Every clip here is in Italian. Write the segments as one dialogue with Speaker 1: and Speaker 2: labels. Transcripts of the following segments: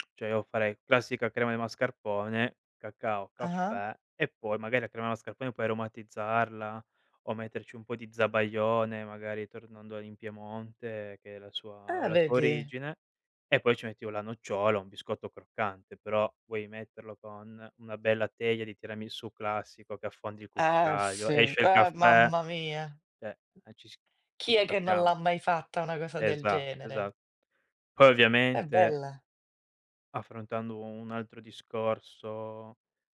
Speaker 1: Cioè, io farei classica crema di mascarpone, cacao,
Speaker 2: Ah-ah.
Speaker 1: caffè, e poi magari la crema mascarpone poi aromatizzarla o metterci un po' di zabaione, magari, tornando in Piemonte che è la sua uhm,
Speaker 2: Ah
Speaker 1: la sua
Speaker 2: vedi?
Speaker 1: origine, e poi ci metti o la nocciola o un biscotto croccante, però vuoi metterlo con una bella teglia di tiramisù classico che affondi il
Speaker 2: Eh
Speaker 1: cucchiaio,
Speaker 2: sì,
Speaker 1: esce il
Speaker 2: ah
Speaker 1: caffè,
Speaker 2: mamma mia.
Speaker 1: cioè, eh ci s
Speaker 2: Chi
Speaker 1: ci
Speaker 2: è che non
Speaker 1: capiamo.
Speaker 2: l'ha mai fatta una cosa del
Speaker 1: Esa
Speaker 2: genere?
Speaker 1: esa Poi
Speaker 2: È
Speaker 1: ovviamente
Speaker 2: bella.
Speaker 1: affrontando u un altro discorso,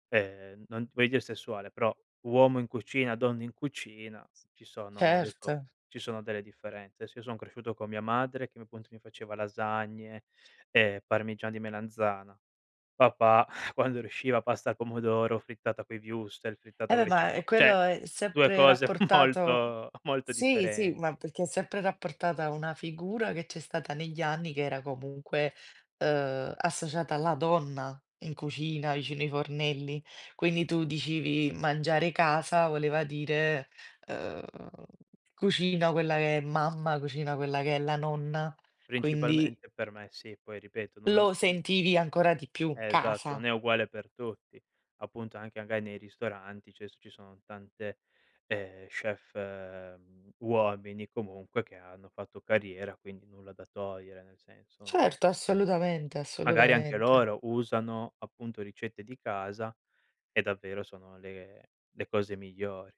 Speaker 1: ehm, non ti voglio dire sessuale, però uomo in cucina, donna in cucina, ci sono adesso
Speaker 2: Certo.
Speaker 1: ci sono delle differenze. Adesso io son cresciuto con mia madre che m appunto mi faceva lasagne, ehm, parmigiana di melanzana. Papà quando riusciva pasta al pomodoro, frittata coi wurstel, frittata
Speaker 2: Eh beh,
Speaker 1: con le
Speaker 2: ma, ehm,
Speaker 1: cipo cioè
Speaker 2: quello è
Speaker 1: 2
Speaker 2: sempre
Speaker 1: cose
Speaker 2: rapportato
Speaker 1: molto, molto
Speaker 2: Sì, sì, ma
Speaker 1: differenti.
Speaker 2: perché è sempre rapportata a una figura che c'è stata negli anni che era comunque, uhm, associata alla donna in cucina, vicino i fornelli. Quindi tu dicevi "mangiare, casa" voleva dire uhm cucina quella che è mamma, cucina quella che è la nonna, quindi
Speaker 1: Principalmente per me sì, poi ripeto, non ho
Speaker 2: lo
Speaker 1: n
Speaker 2: sentivi ancora di più
Speaker 1: Eh esatto, non
Speaker 2: casa.
Speaker 1: è uguale per tutti, appunto anche magari nei ristoranti, cioè s ci sono tante, ehm, chef, mhmm, uomini comunque che hanno fatto carriera, quindi nulla da togliere, nel senso, non
Speaker 2: Certo, assolutamente,
Speaker 1: magari anche
Speaker 2: assolutamente.
Speaker 1: loro usano, appunto, ricette di casa e davvero sono le le cose migliori.